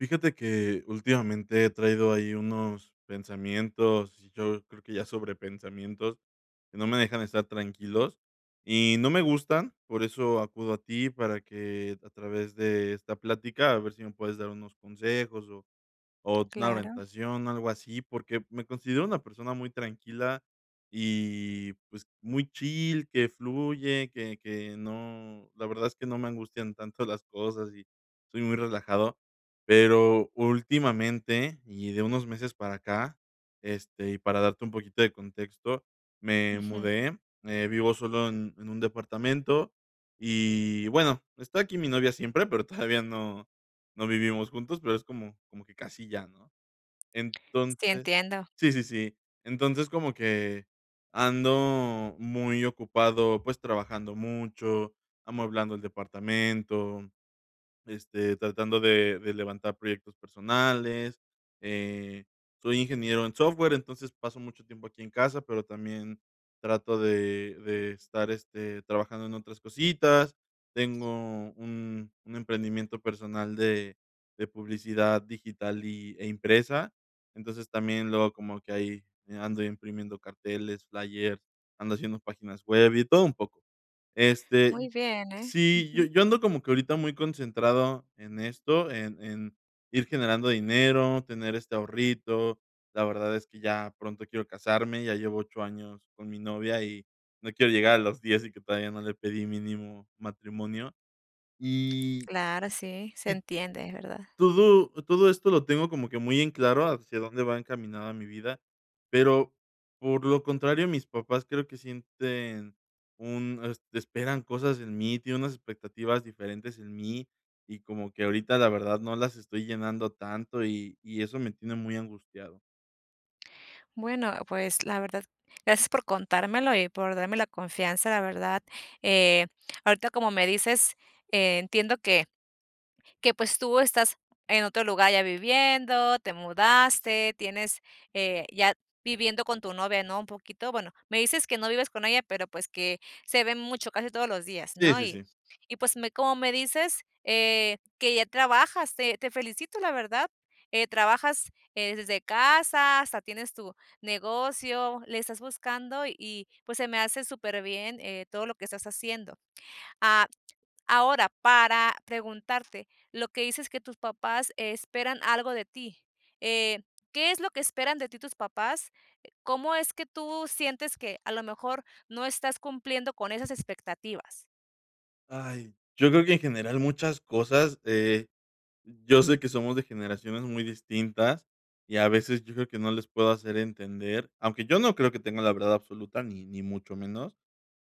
Fíjate que, últimamente he traído ahí unos pensamientos, yo creo que ya sobrepensamientos que no me dejan estar tranquilos y no me gustan. Por eso acudo a ti, para que a través de esta plática, a ver si me puedes dar unos consejos, o o una Claro. orientación, algo así, porque me considero una persona muy tranquila, y pues, muy chill, que fluye, que que no la verdad es que no me angustian tanto las cosas y soy muy relajado. Pero últimamente, y de unos meses para acá, este, y para darte un poquito de contexto, me Ujú. mudé, eh, vivo solo en en un departamento y bueno, está aquí mi novia siempre, pero todavía no no vivimos juntos, pero es como como que casi ya, ¿no? Sí, Entonces entiendo. Sí, sí, sí. Entonces, como que ando muy ocupado, pues, trabajando mucho, amueblando el departamento, este, tratando de de levantar proyectos personales, eh, soy ingeniero en software, entonces, paso mucho tiempo aquí en casa, pero también trato de de estar, este, trabajando en otras cositas, tengo un un emprendimiento personal de de publicidad digital y e impresa. Entonces, también luego como que ahí ando imprimiendo carteles, flyers, ando haciendo páginas web y todo un poco. Este, Muy y bien, ¿eh? Sí, yo Ujú. yo ando como que ahorita muy concentrado en esto, en en ir generando dinero, tener este ahorrito. La verdad es que ya pronto quiero casarme, ya llevo 8 años con mi novia y no quiero llegar a los 10 y que todavía no le pedí, mínimo, matrimonio. Y Claro, sí, se sí, entiende, es verdad. todo todo esto lo tengo como que muy en claro hacia dónde va encaminada mi vida, pero, por lo contrario, mis papás creo que sienten un es esperan cosas en mí, tienen unas expectativas diferentes en mí y como que ahorita la verdad, no las estoy llenando tanto y y eso me tiene muy angustiado. Bueno, pues, la verdad, gracias por contármelo y por darme la confianza, la verdad, eh, ahorita, como me dices, eh, entiendo que que pues tú estás en otro lugar ya viviendo, te mudaste, tienes, eh, ya viviendo con tu novia, ¿no? Un poquito. Bueno, me dices que no vives con ella, pero pues que se ven mucho, casi todos los días, Sí, ¿no? sí, Y sí. y pues, me como me dices, eh, que ya trabajas, te te felicito, la verdad, eh, trabajas, eh, desde casa, hasta tienes tu negocio, le estás buscando y, pues, se me hace superbién, eh, todo lo que estás haciendo. Ah, ahora, para preguntarte, lo que dices, que tus papás esperan algo de ti, eh, ¿qué es lo que esperan de ti tus papás? Eh, ¿cómo es que tú sientes que a lo mejor no estás cumpliendo con esas expectativas? Ay, yo creo que en general, muchas cosas, de yo sé que somos de generaciones muy distintas, y a veces yo creo que no les puedo hacer entender, aunque yo no creo que tenga la verdad absoluta ni ni mucho menos,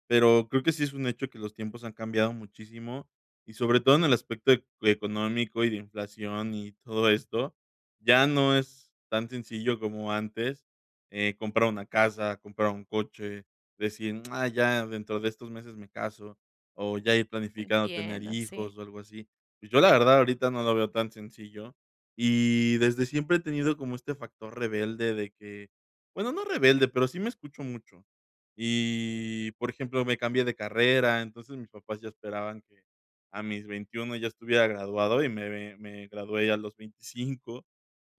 pero creo que sí es un hecho que los tiempos han cambiado muchísimo, y sobre todo, en el aspecto, ec económico y de inflación y todo esto. Ya no es tan sencillo como antes, eh, comprar una casa, comprar un coche, decir: "Mm, ya, dentro de estos meses me caso". O ya ir planificando tener Entiendo, sí. hijos o algo así. Pues yo la verdad, ahorita no lo veo tan sencillo y desde siempre he tenido como este factor rebelde de que bueno, no rebelde, pero sí me escucho mucho y, por ejemplo, me cambié de carrera. Entonces, mis papás ya esperaban que a mis 21 ya estuviera graduado y me me, me gradué a los 25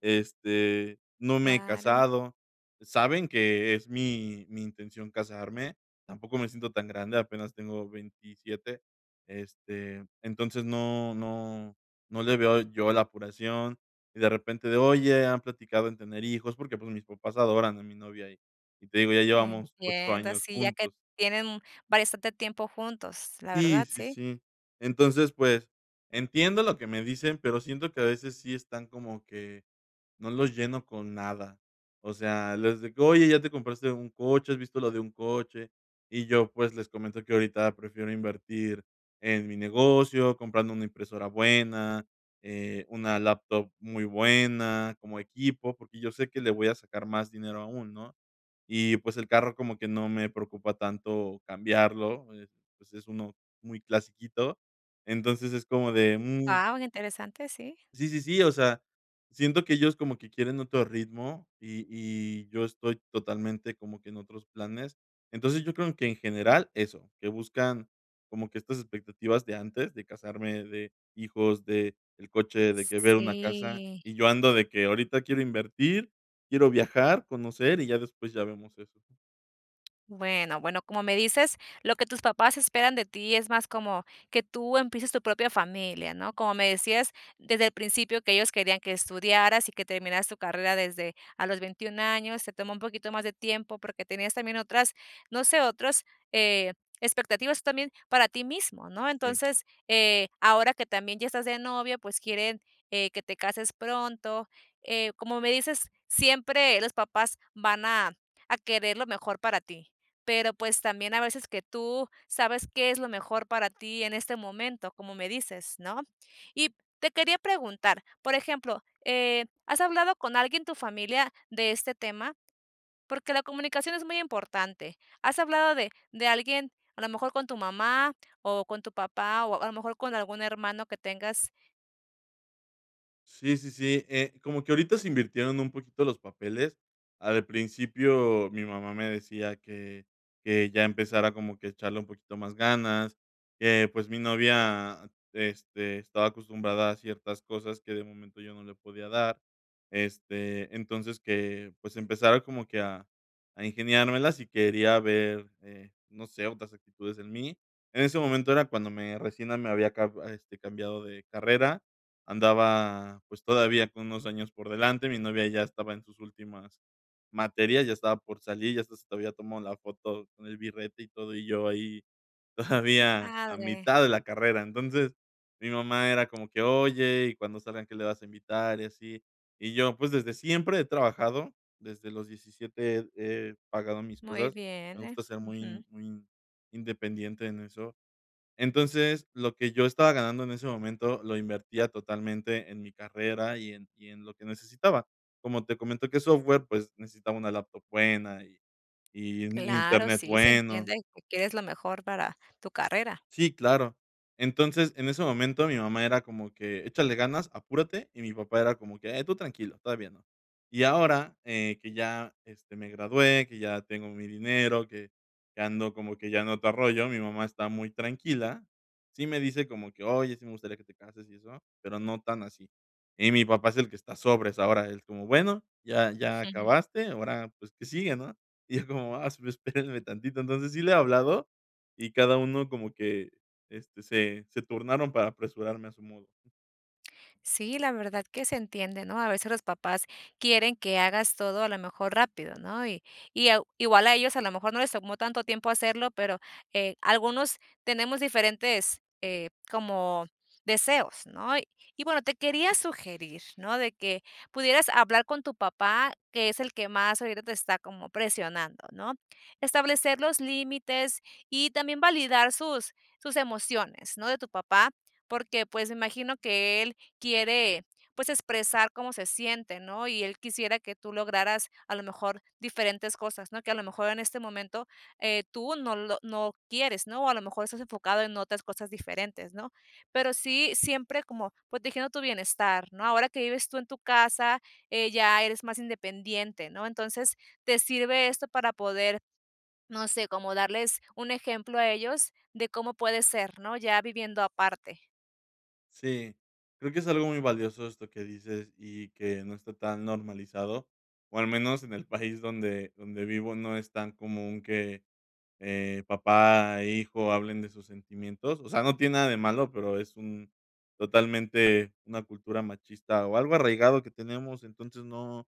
Este, no me he Claro. casado. Saben que es mi mi intención casarme. Tampoco me siento tan grande. Apenas tengo 27. Este, entonces no no no le veo yo la apuración y de repente de: "Oye, ¿han platicado en tener hijos?". Porque, pues, mis papás adoran a mi novia y y te digo, ya llevamos 8 Entiendo, años sí, ya que juntos. tienen bastante tiempo juntos, la Sí, verdad, sí, sí. sí. Entonces, pues, entiendo lo que me dicen, pero siento que a veces, sí están como que, no los lleno con nada. O sea, les de que: "¿Oye, te compraste un coche? ¿Has visto lo de un coche?". Y yo, pues, les comento que ahorita prefiero invertir en mi negocio, comprando una impresora buena, eh, una laptop muy buena como equipo, porque yo sé que le voy a sacar más dinero aún, ¿no? Y pues el carro como que no me preocupa tanto cambiarlo, eh, pues es uno muy clasiquito. Entonces, es como de: "Mm". Wao, interesante, sí. Sí, sí, sí. O sea, siento que ellos como que quieren otro ritmo y y yo estoy totalmente como que en otros planes. Entonces, yo creo que en general eso, que buscan, como que estas expectativas de antes, de casarme, de hijos, de el coche de que ver una casa Sí. y yo ando de que, ahorita quiero invertir, quiero viajar, conocer y ya después ya vemos eso, ¿no? Bueno, bueno, como me dices, lo que tus papás esperan de ti es más como que tú empieces tu propia familia, ¿no? Como me decías, desde el principio que ellos querían que estudiaras y que terminaras tu carrera desde a los 21 años, se tomó un poquito más de tiempo porque tenías también otras, no sé, otros, eh, expectativas tú también para ti mismo, ¿no? Sí. Entonces, eh, ahora que también ya estás de novio, pues quieren, eh, que te cases pronto. Eh, como me dices, siempre los papás van a a querer lo mejor para ti. Pero, pues, también a veces que tú sabes qué es lo mejor para ti en este momento, como me dices, ¿no? Y te quería preguntar, por ejemplo, eh, ¿has hablado con alguien tu familia de este tema? Porque la comunicación es muy importante, ¿has hablado de de alguien a lo mejor con tu mamá, o con tu papá, o o a lo mejor con algún hermano que tengas? Sí, sí, sí, eh, como que ahorita se invirtieron un poquito los papeles. Al principio, mi mamá me decía que que ya empezara como que a echarle un poquito más ganas, que, pues, mi novia, este, estaba acostumbrada a ciertas cosas que de momento yo no le podía dar, este, entonces que, pues, empezara como que a a ingeniármelas y quería ver, eh, no sé, otras actitudes en mí. En ese momento era cuando me recién me había ca este cambiado de carrera. Andaba, pues, todavía con unos años por delante. Mi novia ya estaba en sus últimas materias. Ya estaba por salir, ya hasta se había tomado la foto con el birrete y todo, y yo ahí Qué todavía a padre. mitad de la carrera. Entonces, mi mamá era como que: "Oye, y cuando salgan, ¿qué le vas a invitar? Y así", y yo, pues, desde siempre he trabajado, desde los 17 he he pagado mis Muy cosas. Me bien, ¿eh? gusta ser muy Ujú. muy independiente en eso, entonces, lo que yo estaba ganando en ese momento lo invertía totalmente en mi carrera y en y en lo que necesitaba. Como te comento, que es software, pues necesitaba una laptop buena y y un Claro, internet sí. se bueno. entiende, tu quieres lo mejor para tu carrera. Sí, claro. Entonces, en ese momento mi mamá era como que: "Échale ganas. Apúrate", y mi papá era como que: "Tú tranquilo, todavía no". Y ahora, eh, que ya este me gradué, que ya tengo mi dinero, que que ando como que ya en otro rollo. Mi mamá está muy tranquila. Sí, me dice como que: "Oye, sí, me gustaría que te cases", y eso, pero no tan así. Y mi papá es el que está sobres, ahora es como: "Bueno, ya ya acabaste, ahora, pues, ¿qué sigue, no?" Y yo como: "Ah, esp espéreme tantito". Entonces sí le he hablado. Y cada uno como que, este, se se turnaron para apresurarme a su modo. Sí, la verdad que se entiende, ¿no? A veces los papás quieren que hagas todo, a lo mejor, rápido, ¿no? Y y, ah, igual a ellos, a lo mejor, no les tomó tanto tiempo hacerlo, pero, eh, algunos tenemos diferentes, eh, como deseos, ¿no? Y bueno, te quería sugerir, ¿no?, de que pudieras hablar con tu papá, que es el que más ahorita te está como presionando, ¿no? Establecer los límites y también validar sus sus emociones, ¿no?, de tu papá, porque, pues, me imagino que él quiere, pues, expresar cómo se siente, ¿no? Y él quisiera que tú lograras, a lo mejor, diferentes cosas, ¿no? Que, a lo mejor, en este momento, eh, tú no lo no quieres, ¿no? O a lo mejor, estás enfocado en otras cosas diferentes, ¿no? Pero sí siempre como protegiendo tu bienestar, ¿no? Ahora que vives tú en tu casa, eh, ya eres más independiente, ¿no? Entonces, te sirve esto para poder, no sé, como darles un ejemplo a ellos de cómo puede ser, ¿no?, ya viviendo aparte. Sí, creo que es algo muy valioso esto que dices y que no está tan normalizado, o al menos en el país donde donde vivo, no es tan común que, eh, papá e hijo hablen de sus sentimientos, o sea, no tiene nada de malo, pero es un totalmente una cultura machista o algo arraigado que tenemos. Entonces, no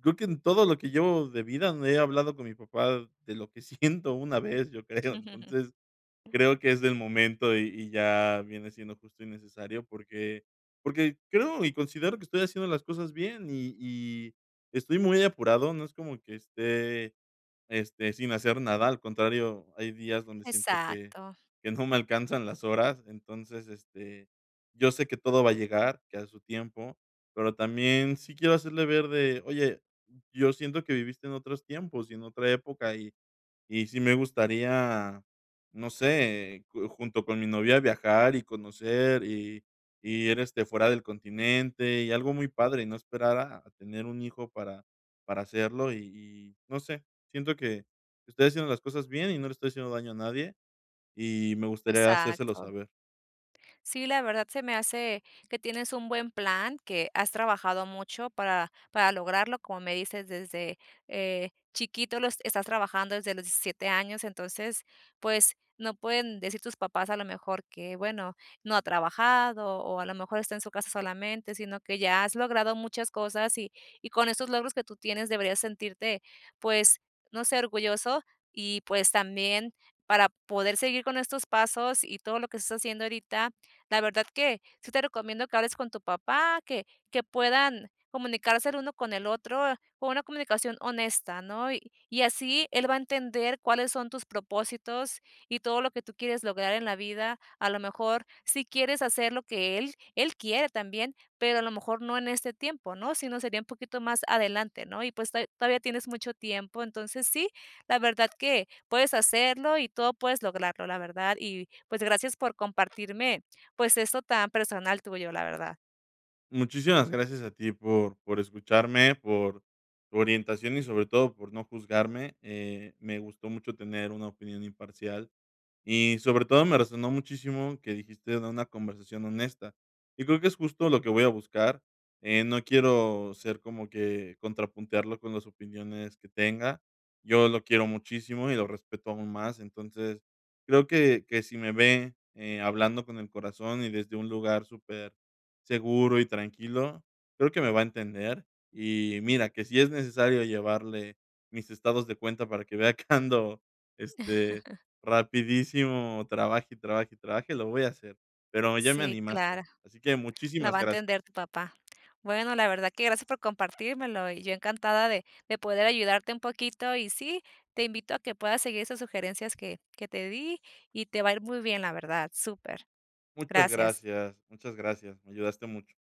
creo que en todo lo que llevo de vida he hablado con mi papá de lo que siento una vez, yo creo. Entonces, creo que es del momento y y ya viene siendo justo y necesario porque porque creo y considero que estoy haciendo las cosas bien y y estoy muy apurado, no es como que esté, este, sin hacer nada, al contrario, hay días donde siento que Exacto. que no me alcanzan las horas. Entonces, este, yo sé que todo va a llegar, que a su tiempo, pero también sí quiero hacerle ver de: "Oye, yo siento que viviste en otros tiempos y en otra época y y sí me gustaría, no sé, eh, ju junto con mi novia, viajar y conocer y y ir, este, fuera del continente, y algo muy padre, y no esperar a tener un hijo para para hacerlo", y y, no sé, siento que estoy haciendo las cosas bien y no le estoy haciendo daño a nadie y me gustaría hacérselo Exacto. saber. Sí, la verdad, se me hace que tienes un buen plan, que has trabajado mucho para para lograrlo, como me dices, desde, eh, chiquito lo es estás trabajando desde los 17 años. Entonces, pues, no pueden decir tus papás, a lo mejor, que: "Bueno, no ha trabajado o, a lo mejor, está en su casa solamente", sino que ya has logrado muchas cosas y y con esos logros que tú tienes deberías sentirte, pues, no sé, orgulloso y, pues, también para poder seguir con estos pasos y todo lo que estás haciendo ahorita, la verdad que sí te recomiendo que hables con tu papá, que que puedan comunicarse el uno con el otro, con una comunicación honesta, ¿no? Y y así, él va a entender cuáles son tus propósitos y todo lo que tú quieres lograr en la vida. A lo mejor, si quieres hacer lo que él, él quiere también, pero a lo mejor, no en este tiempo, ¿no?, sino, sería un poquito más adelante, ¿no? Y, pues, to todavía tienes mucho tiempo. Entonces, sí, la verdad que puedes hacerlo y todo puedes lograrlo, la verdad. Y, pues, gracias por compartirme, pues, esto tan personal tuyo, la verdad. Muchísimas gracias a ti por por escucharme, por tu orientación y sobre todo por no juzgarme, eh, me gustó mucho tener una opinión imparcial, y sobre todo, me resonó muchísimo, que dijiste de una conversación honesta, y creo que, es justo lo que voy a buscar, eh, no quiero ser como que contrapuntearlo con las opiniones que tenga, yo lo quiero muchísimo y lo respeto aún más, entonces creo que que si me ve, eh, hablando con el corazón y desde un lugar súper seguro y tranquilo, creo que me va a entender, y mira que, si es necesario llevarle mis estados de cuenta, para que vea que ando, este, rapidísimo, trabaje, y trabaje, y trabaje, lo voy a hacer, pero ya me Sí, animaste, claro, así que lo va muchísimas a gracias. entender tu papá, bueno, la verdad que gracias por compartírmelo, y yo encantada de de poder ayudarte un poquito, y sí, te invito a que puedas seguir esas sugerencias que que te di y te va a ir muy bien, la verdad, súper, Muchas gracias. gracias, muchas gracias, me ayudaste mucho.